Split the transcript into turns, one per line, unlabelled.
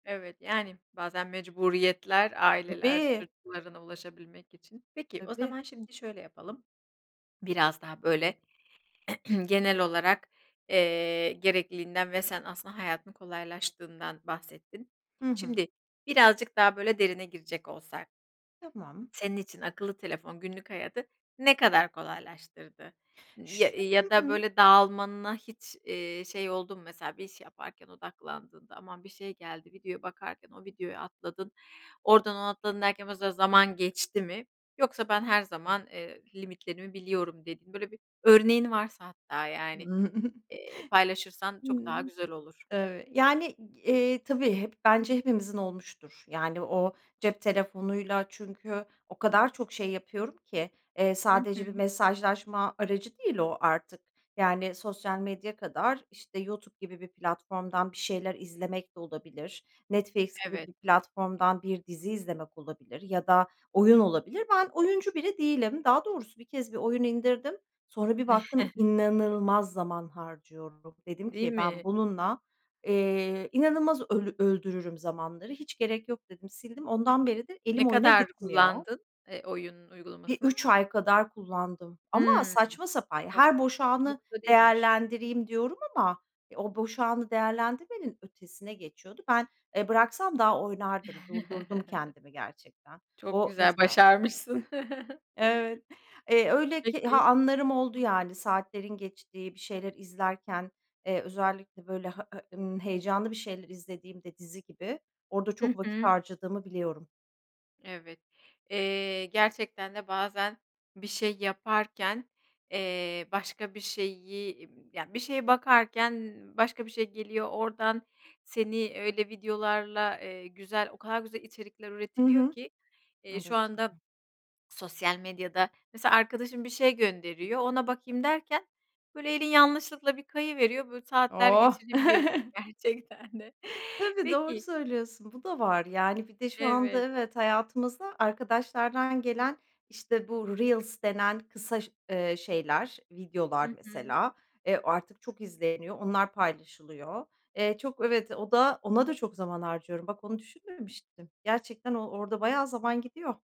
Evet, yani, bazen mecburiyetler, aileler
Tabii.
çocuklarına ulaşabilmek için... Peki, o
Tabii.
zaman şimdi şöyle yapalım. Biraz daha böyle, genel olarak, eee, gerekliliğinden ve sen aslında hayatın kolaylaştığından bahsettin.
Hı hı.
Şimdi birazcık daha böyle, derine girecek olsak
Tamam.
senin için akıllı telefon günlük hayatı ne kadar kolaylaştırdı n ya
Ş
eee,
ıı
ya da
ı
böyle, dağılmana hiç, eee, şey oldu mu? Mesela bir iş yaparken odaklandığında, aman, bir şey geldi videoya bakarken, o videoyu atladın, oradan ona atladın derken o sırada zaman geçti mi? Yoksa "Ben her zaman, eee, limitlerimi biliyorum." dediğin böyle, bir örneğin varsa, hatta, yani, eee, paylaşırsan çok daha
Hımm,
güzel olur.
evet. Yani, g eee, tabii, hep bence hepimizin olmuştur. Yani o cep telefonuyla, çünkü o kadar çok şey yapıyorum ki, eee,
Hı hı.
sadece bir mesajlaşma aracı değil o artık. Yani sosyal medya kadar, işte, YouTube gibi bir platformdan bir şeyler izlemek de olabilir. Netflix gibi
Evet.
bir platformdan bir dizi izlemek olabilir ya da oyun olabilir. Ben oyuncu biri değilim. Daha doğrusu, bir kez bir oyun indirdim. Sonra bir baktım, inanılmaz zaman harcıyorum. Dedim
Değil
ki: "Ben
mi?
bununla, eee, inanılmaz öl öldürürüm zamanları. Hiç gerek yok." dedim, sildim. Ondan beri de elim
Ne
oyuna
kadar
gitmiyor.
kullandın, eee, oyunun
Bir
uygulamasını?
3 ay kadar kullandım ama
Hımm,
saçma sapan... Ya,
ço
"Her boş anı
çokta değilmiş.
değerlendireyim." diyorum ama e, o, boş anı değerlendirmenin ötesine geçiyordu. Ben, eee, bıraksam daha oynardım, durdurdum kendimi gerçekten.
Çok
O
güzel,
mesela
başarmışsın.
Evet. Eee, öyle ki ha,
Peki.
anlarım oldu, yani saatlerin geçtiği bir şeyler izlerken, eee, özellikle böyle, ha e ımm, heyecanlı bir şeyler izlediğimde, dizi gibi, orada
Hı
çok vakit
hı.
harcadığımı biliyorum.
Evet. Eee, gerçekten de bazen bir şey yaparken, eee, başka bir şeyi iii, ya, bir şeye bakarken başka bir şey geliyor oradan. Seni öyle videolarla, eee, güzel, o kadar güzel içerikler
Hı
üretiliyor
hı,
ki, eee, şu
evet.
anda
[unintelligible]
sosyal medyada. Mesela arkadaşım bir şey gönderiyor. Ona bakayım derken böyle, elin yanlışlıkla bir kayıveriyor böyle, saatler
Oh!
geçirebiliyorsun gerçekten de.
Tabii, doğru
Peki
söylüyorsun. Bu da var. Yani bir de şu anda
Evet.
evet, hayatımıza arkadaşlardan gelen, işte, bu "Reels" denen kısa ş eee, şeyler,
Hı
videolar
hı.
mesela, eee, artık çok izleniyor, onlar paylaşılıyor. Eee, çok evet, o da ona da çok zaman harcıyorum. Bak, onu düşünmemiştim. Gerçekten o orada bayağı zaman gidiyor.